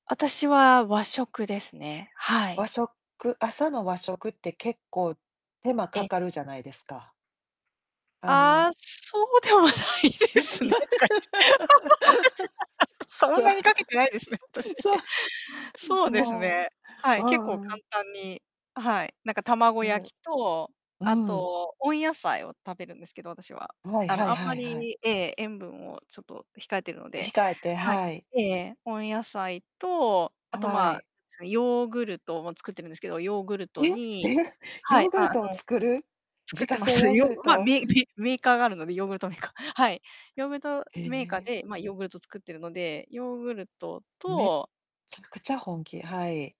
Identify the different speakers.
Speaker 1: 私は和食ですね。は
Speaker 2: 和
Speaker 1: い。
Speaker 2: 食朝の和食って結構手間
Speaker 1: え
Speaker 2: か
Speaker 1: え。
Speaker 2: かるじゃないですか。あ
Speaker 1: あ
Speaker 2: の
Speaker 1: あ、そうではないですね。
Speaker 2: つ
Speaker 1: そん
Speaker 2: そう。
Speaker 1: なにかけてないですね、私。
Speaker 2: そう。ん、
Speaker 1: そうです
Speaker 2: も、
Speaker 1: ね。はい、結
Speaker 2: もう。
Speaker 1: 構
Speaker 2: うん。
Speaker 1: 簡単に、あ、はい。なんか
Speaker 2: す
Speaker 1: 卵焼 きと、
Speaker 2: う
Speaker 1: あ
Speaker 2: ん。
Speaker 1: と温野菜を食べるんですけど、私は。
Speaker 2: ふあい、
Speaker 1: あの、
Speaker 2: は
Speaker 1: あ
Speaker 2: い
Speaker 1: んま
Speaker 2: はいはい。
Speaker 1: りええ、塩分をちょっと控えてるので。
Speaker 2: 控えて。
Speaker 1: はい。
Speaker 2: はい。
Speaker 1: ええええ。温野菜と、あと、
Speaker 2: は
Speaker 1: ま、
Speaker 2: い。
Speaker 1: はヨーグルトも作ってるんですけど、ヨーグルト
Speaker 2: え、
Speaker 1: に
Speaker 2: え！
Speaker 1: は
Speaker 2: ヨ
Speaker 1: い、
Speaker 2: ーグ
Speaker 1: あ、あ
Speaker 2: ルトを
Speaker 1: の、
Speaker 2: 作る？
Speaker 1: 作
Speaker 2: 自
Speaker 1: っ
Speaker 2: 家
Speaker 1: てま
Speaker 2: 製
Speaker 1: す。
Speaker 2: ヨーグ
Speaker 1: よ
Speaker 2: ル
Speaker 1: まあ、
Speaker 2: ト。
Speaker 1: メぺメーカーがあるので、ヨーグルトメーカーはい。ヨーグルト
Speaker 2: え
Speaker 1: メーカー
Speaker 2: え！
Speaker 1: で、まあ、ヨーグルト作ってるので。ヨーグルト
Speaker 2: めっ
Speaker 1: と
Speaker 2: ちゃくちゃ本気。はい。